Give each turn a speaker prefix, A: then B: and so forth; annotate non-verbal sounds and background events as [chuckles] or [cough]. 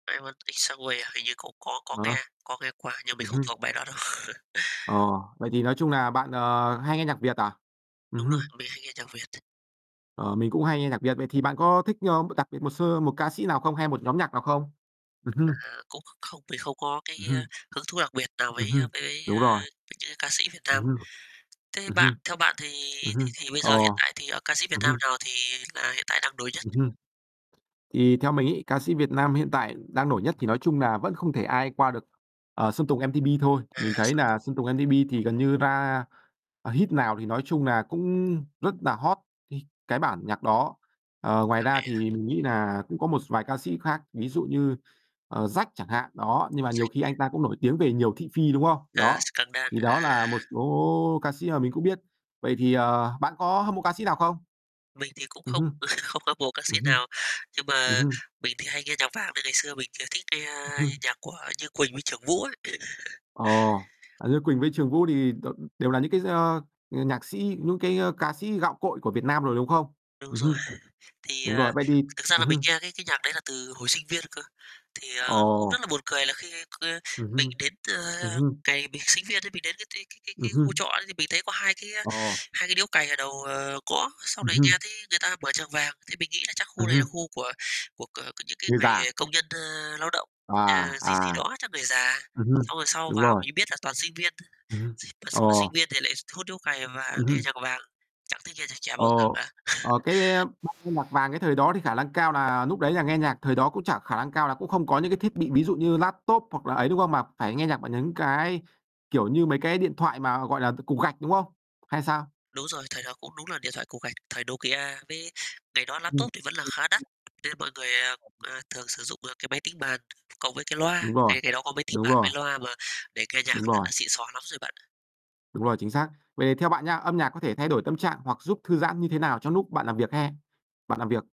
A: "I Want It That Way", hình như cũng có có
B: Ờ.
A: nghe, có nghe qua nhưng mình
B: Ừm
A: không
B: hưm.
A: thuộc bài đó đâu. [laughs]
B: Ờ, vậy thì nói chung là bạn, ờ, hay nghe nhạc Việt à?
A: Đúng
B: Ừm
A: rồi,
B: hưm.
A: mình hay nghe nhạc Việt [unintelligible]
B: Ờ, mình cũng hay nghe nhạc Việt. Vậy thì bạn có thích, ơ, đặc biệt một sơ một ca sĩ nào không, hay một nhóm nhạc nào không? Ừm hưm.
A: À, cũng kh không, mình không có cái,
B: Ừm
A: a,
B: hưm.
A: hứng thú đặc biệt nào
B: Ừm
A: với, a,
B: hưm,
A: với,
B: đúng
A: a,
B: rồi.
A: những cái ca sĩ Việt
B: Ừm
A: Nam.
B: hưm.
A: Thế
B: Ừm
A: bạn
B: hưm.
A: theo bạn thì
B: Ừm
A: thì
B: hưm.
A: thì bây
B: Ờ.
A: giờ hiện tại thì, ờ, ca sĩ Việt
B: Ừm
A: Nam
B: hưm
A: nào thì là hiện tại đang nổi nhất?
B: Ừm hưm. Thì theo mình ấy, ca sĩ Việt Nam hiện tại đang nổi nhất thì nói chung là vẫn không thể ai qua được, ờ, Sơn Tùng MTP thôi.
A: À,
B: Mình thấy
A: Sơn
B: là
A: Tùng.
B: Sơn Tùng MTP thì gần như ra, ờ, hit nào thì nói chung là cũng rất là hot, h cái bản nhạc đó. Ờ, ngoài
A: Hợp
B: ra
A: lý á.
B: thì mình nghĩ là cũng có một vài ca sĩ khác, ví dụ như, ờ, Jack chẳng hạn, đó, nhưng mà nhiều khi anh
A: [unintelligible]
B: ta cũng nổi tiếng về nhiều thị phi, đúng không?
A: À,
B: Đó,
A: scandal.
B: thì đó là một
A: À.
B: số ca sĩ mà mình cũng biết. Vậy thì, ờ, bạn có hâm mộ ca sĩ nào không?
A: Mình thì cũng
B: Ừm
A: không
B: hưm.
A: [chuckles] không hâm mộ ca sĩ
B: Ừm hưm.
A: nào, nhưng
B: Ừm
A: mà
B: hưm.
A: mình thì hay nghe nhạc Vàng này, ngày xưa mình thì, ờ, thích nghe
B: Ừm hưm.
A: nhạc của Như Quỳnh với Trưởng Vũ ấy. [chuckles]
B: Ồ. À, Như Quỳnh với Trường Vũ thì đ ưm, đều là những cái, ơ, ờ, nhạc sĩ, những cái, ơ, ca sĩ gạo cội của Việt Nam rồi, đúng không?
A: Đúng
B: Ừm
A: rồi,
B: hưm.
A: [chuckles] thì,
B: Đúng
A: ờ,
B: rồi, vậy thì
A: thực ra
B: ừm
A: là mình
B: hưm.
A: nghe cái cái nhạc đấy là từ hồi sinh viên cơ. Thì, ờ, cũng
B: Ồ.
A: rất là buồn cười là khi, ơ,
B: Ừm
A: mình
B: hưm.
A: đến,
B: Ừm
A: ơ,
B: hưm.
A: ngày mình sinh viên ấy, mình đến cái cái cái cái
B: Ừm
A: cái khu
B: hưm.
A: trọ đấy thì mình thấy có 2 cái, a,
B: Ồ.
A: 2 cái điếu cày ở đầu, ờ, ngõ, sau
B: Ừm
A: đấy nghe
B: hưm.
A: thấy người ta mở nhạc Vàng, thì mình nghĩ là chắc khu
B: Ừm
A: này là
B: hưm.
A: khu của của của những cái
B: Người già.
A: người công nhân, ơ, lao động,
B: À,
A: ờ, gì gì
B: à.
A: đó, chắc người già.
B: Ừm hưm.
A: Xong rồi sau
B: Đúng
A: vào
B: rồi.
A: mình mới biết là toàn sinh viên thôi,
B: Ừm hưm.
A: s mà
B: Ờ.
A: sinh mà sinh viên thì lại s hút điếu cày và
B: Ừm
A: nghe
B: hưm.
A: nhạc Vàng, chẳng thấy nghe nhạc trẻ bao giờ
B: Ồ,
A: cả.
B: ờ,
A: [chuckles]
B: cái, a, nghe nhạc Vàng cái thời đó thì khả lăng cao nà núc đấy là nghe nhạc thời đó cũng chả khả năng cao là cũng không có những cái thiết bị, ví dụ như laptop hoặc là ấy, đúng không? Mà phải nghe nhạc bằng những cái, kiểu như, mấy cái điện thoại mà, gọi là, cục cục gạch, đúng không? Hay sao?
A: Đúng rồi, thời đó cũng đúng là điện thoại cục gạch, thời Nokia. Với ngày đó
B: Ừm.
A: laptop thì vẫn là khá đắt,
B: [unintelligible]
A: nên mọi người, ờ, ờ, thường sử dụng là cái máy tính bàn cộng với cái loa,
B: Đúng rồi,
A: ngày ngày đó có máy tính
B: đúng
A: bàn
B: rồi.
A: với loa mà để nghe nhạc
B: Đúng rồi.
A: đã xịn sò lắm rồi bạn.
B: Đúng rồi, chính xác. Vậy thì theo bạn nha, âm nhạc có thể thay đổi tâm trạng hoặc giúp thư giãn như thế nào trong lúc bạn làm việc hay bạn làm việc?